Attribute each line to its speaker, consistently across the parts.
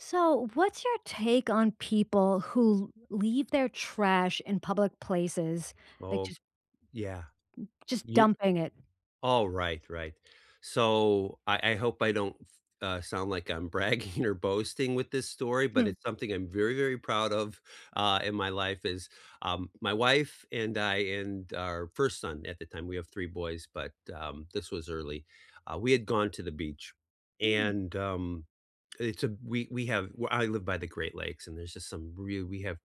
Speaker 1: So, what's your take on people who l leave their trash in public places, like,
Speaker 2: Oh,
Speaker 1: just m
Speaker 2: yeah.
Speaker 1: just
Speaker 2: Y
Speaker 1: dumping it?
Speaker 2: Alright, right. So, I I hope I don't s uh, sound like I'm bragging or boasting with this story, but
Speaker 1: Hmm.
Speaker 2: it's something I'm very, very proud of, uh, in my life is, um, my wife and I and our 1st son at the time- we have 3 boys, but, um, this was early- uh, we had gone to the beach,
Speaker 1: Hmm.
Speaker 2: and, um, it's, uh, b we we have well, I live by the Great Lakes, and there's just some real we have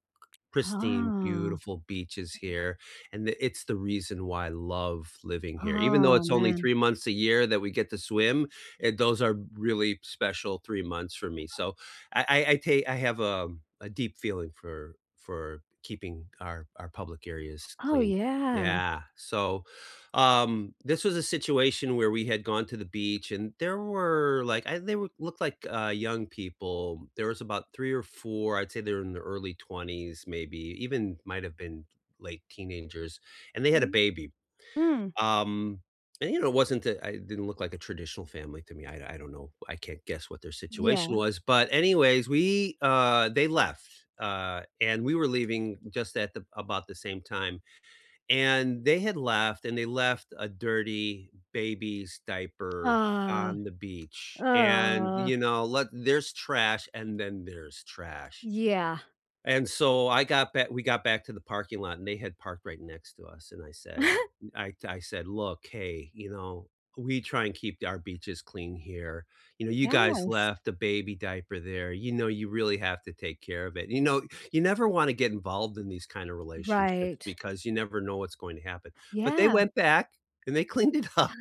Speaker 2: pristine,
Speaker 1: Oh.
Speaker 2: beautiful beaches here, and i it's the reason why I love living here even though
Speaker 1: Oh,
Speaker 2: it's only
Speaker 1: man.
Speaker 2: 3 months a year that we get to swim, and those are really special 3 months for me, so, I I I ta I have, um, a deep feeling for for keeping our our public areas
Speaker 1: Oh,
Speaker 2: clean.
Speaker 1: yeah.
Speaker 2: Yeah. So, um, this was a situation where we had gone to the beach, and there were like, I they w looked like, uh, young people. There was about 3 or 4, I'd say they were in their early 20s, maybe, even might have been late teenagers, and they had a
Speaker 1: Mhm.
Speaker 2: baby.
Speaker 1: Hmm.
Speaker 2: Um, and you know, it wasn't a I it didn't look like a traditional family to me, I d I don't know, I can't guess what their situation
Speaker 1: Yeah.
Speaker 2: was, but anyways, we, uh they left, uh, and we were leaving just at ab about the same time, and they had left, and they left a dirty baby's diaper on
Speaker 1: Ugh.
Speaker 2: the beach, and,
Speaker 1: Ugh.
Speaker 2: you know, like, there's trash, and then there's trash.
Speaker 1: Yeah.
Speaker 2: And so, I got ba we got back to the parking lot, and they had parked right next to us, and I said, n I'd I said, "Look, hey, you know, we try and keep d our beaches clean here, you know, you guys
Speaker 1: Yes.
Speaker 2: left a baby diaper there, you know, you really have to take care of it," and you know, you never wanna get involved in these kind of relationships,
Speaker 1: Right.
Speaker 2: because you never know what's going to happen. But they
Speaker 1: Yeah.
Speaker 2: went back, and they cleaned it up,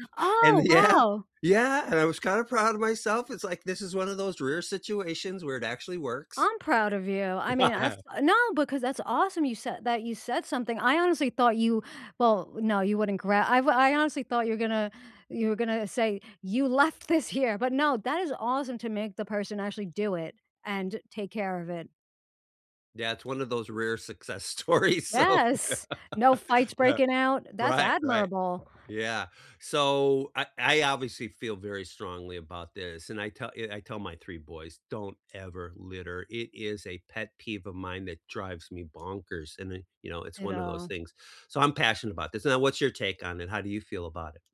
Speaker 2: and
Speaker 1: Oh,
Speaker 2: th yeah
Speaker 1: wow.
Speaker 2: yeah, and I was kinda proud of myself, it's, like, this is one of those rare situations where it actually works.
Speaker 1: I'm proud of you. I mean, as a No, because that's awesome you said that you said something, I honestly thought you well, no, you wouldn't gra I've I honestly thought you were gonna you were gonna say, "You left this here!" but no, that is awesome to make the person actually do it, and take care of it.
Speaker 2: Yeah, it's one of those rare success stories, so
Speaker 1: Yes. No fights
Speaker 2: Yeah.
Speaker 1: breaking out? That's
Speaker 2: Right, right.
Speaker 1: admirable.
Speaker 2: Yeah. So, I I obviously feel very strongly about this, and I tell y I I tell my 3 boys, "Don't ever litter." It is a pet peeve of mine that drives me bonkers, and then, you know, it's one of those
Speaker 1: Ditto.
Speaker 2: things. So, I'm passionate about this now what's your take on it? How do you feel about it?